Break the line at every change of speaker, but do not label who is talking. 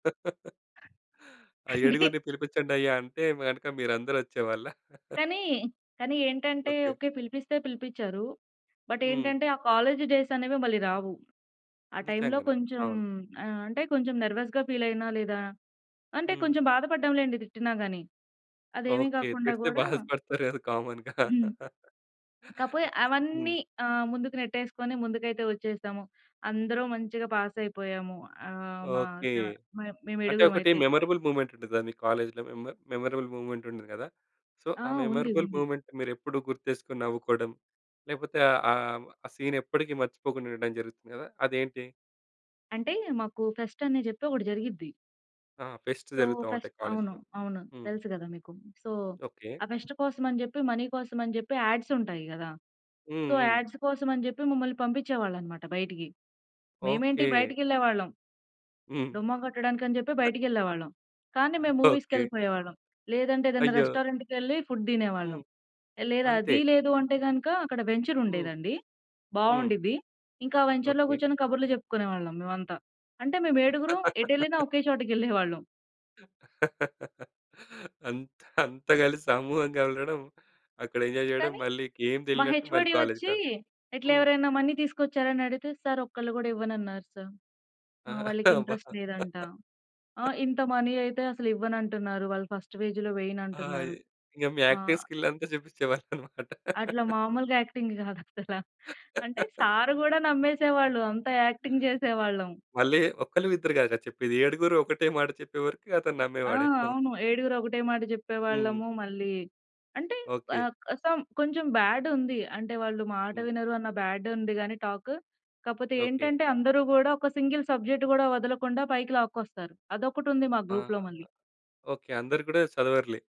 ఆ
అందుకే
ఏడుగురిని పిలిపించండయ్యా! అంటే గనక మీరందరూ వచ్చేవాళ్ళ?
కానీ, కానీ ఏంటంటే
ఓకే.
ఓకే. పిలిపిస్తే పిలిపించారు. బట్
హ్మ్.
ఏంటంటే, ఆ కాలేజి డేస్ అనేవి మళ్ళీ రావు. ఆ టైమ్‌లో
నిజంగానే.
కొంచెం
అవును.
ఆహ్, అంటే కొంచెం నర్వస్‌గా ఫీల్ అయినా లేదా అంటే
హ్మ్.
కొంచెం బాధపడ్డాం లేండి తిట్టినా గాని. అదేమి
ఓకే.
కాకుండా
తిడితే
గూడా
బాధపడతారు కదా! కామన్‌గా.
హ్మ్.
హ్మ్.
కాకపోతే
హ్మ్.
అవన్నీ ఆహ్, ముందుకు నెట్టేసుకొని, ముందుకైతే వచ్చేశాము. అందరం మంచిగా పాసయిపోయాము. ఆహ్, మ
ఓకే.
సా మే మేము
అంటే ఒకటి
ఏడుగురుమయితే.
మెమరబుల్ మూవ్‌మెంట్ ఉంటదని మీ కాలేజీ‌లో, మెమర్ మెమరబుల్ మూవ్‌మెంట్ ఉంటది గదా! సో,
ఆ!
ఆ
ఉంది.
మెమరబుల్
ఉంది.
మూవ్‌మెంట్‌ని మీరు ఎప్పుడూ గుర్తు చేసుకొని నవ్వుకోవడం. లేకపోతే ఆ! ఆహ్, ఆ సీన్ ఎప్పటికీ మర్చిపోకుండా ఉండడం జరుగుతుంది గదా! అదేంటి?
అంటే మాకు ఫెస్ట్ అని చెప్పి ఒకటి జరిగిద్ది.
ఆ! ఫెస్ట్
సో
జరుగుతా
ఫెస్ట్
ఉంటాయి
అవును.
కాలేజీ‌లో.
అవును.
హ్మ్.
తెలుసు గదా మీకు? So
okay.
ఆ ఫెస్ట్ కోసం అని చెప్పి, మనీ కోసం అని చెప్పి, యాడ్స్ ఉంటాయి గదా! సో
హుహు.
యాడ్స్ కోసమని చెప్పి మమ్మల్ని పంపించేవాళ్ళు అన్నమాట బయటికి. మేమేంటి
ఓకే.
బయటకేళ్ళేవాళ్ళం.
హ్మ్.
డుమ్మా కొట్టడానికి అని చెప్పి
ఆ!
బయటికేళ్ళేవాళ్ళం. కానీ మేము
ఓకే.
మూవీస్‌కేళ్ళిపోయేవాళ్ళం. లేదంటే, ఏదన్నా
అయ్యో!
రెస్టారెంట్‌కేళ్ళి ఫుడ్ దినేవాళ్ళం.
హ్మ్.
లేదా,
అంతే.
అది లేదు అంటే గనక అక్కడ వెంచర్
హ్మ్.
ఉండేదండి,
హ్మ్.
బాగుండిద్ది. ఇంకా వెంచర్‌లో
ఓకే.
కూర్చొని కబుర్లు చెప్పుకునేవాళ్ళం మేమంతా. అంటే మేము ఏడుగురుం ఎటు వెళ్ళినా ఒకే చోటకేళ్ళేవాళ్ళం.
అంత్ అంతా కలిసి సమూహంగాళ్లడం. అక్కడ ఎంజాయ్ చేయడం.
కానీ
మళ్ళి ఇంకేం
మా
తెలియనట్టు మళ్ళి
హెచ్‌ఓ‌డి
కాలేజీకి
వచ్చి
రావడం.
ఇట్లా
హ్మ్.
ఎవరైనా మనీ తీసుకొచ్చారా అని అడిగితే? సారు ఒక్కళ్ళు కూడా ఇవ్వనన్నారు సారు.
ఆ!
ఆ! వాళ్ళకి
అబ్బా!
ఇంట్రెస్ట్ లేదంట. ఆ! ఇంత మనీ అయితే అసలు ఇవ్వననంటున్నారు. వాళ్ళు ఫస్ట్ ఫేజ్‌లో
ఆ!
వెయ్యనంటున్నారు.
ఇ ఇగ మీ
ఆ!
యాక్టింగ్ స్కిల్ అంతా చూపించేవాళ్ళు అన్నమాట.
అట్లా మామూలుగా యాక్టింగ్ కాదసలా. అంటే సారు గూడా నమ్మేసేవాళ్ళు. అంత యాక్టింగ్ జేసేవాళ్ళం.
మళ్ళి ఒక్కళ్ళ, ఇద్దరు గాదా చెప్పేది ఏడుగురు ఒకటే మాట చెప్పేవరకి అతను
ఆ!
నమ్మేవాడేమో.
అవును. ఏడుగురు ఒకటే మాట
హ్మ్.
జేప్పేవాళ్ళము. మళ్ళీ అంటే
ఓకే.
ఆహ్, క సమ్ కొంచెం బ్యాడ్ ఉంది. అంటే, వాళ్ళు మాట
హ్మ్.
వినరు అన్న బ్యాడ్ ఉంది గాని టాక్. కాపోతే
ఓకే.
ఏంటంటే అందరూ గూడా ఒక సింగిల్ సబ్జెక్ట్ కూడా వదలకుండా పైకి లాక్కొస్తారు. అదొకటి ఉంది మా గ్రూప్‌లో
అహహా!
మళ్ళీ.
ఓకే. అందరు గూడా చదవరులే!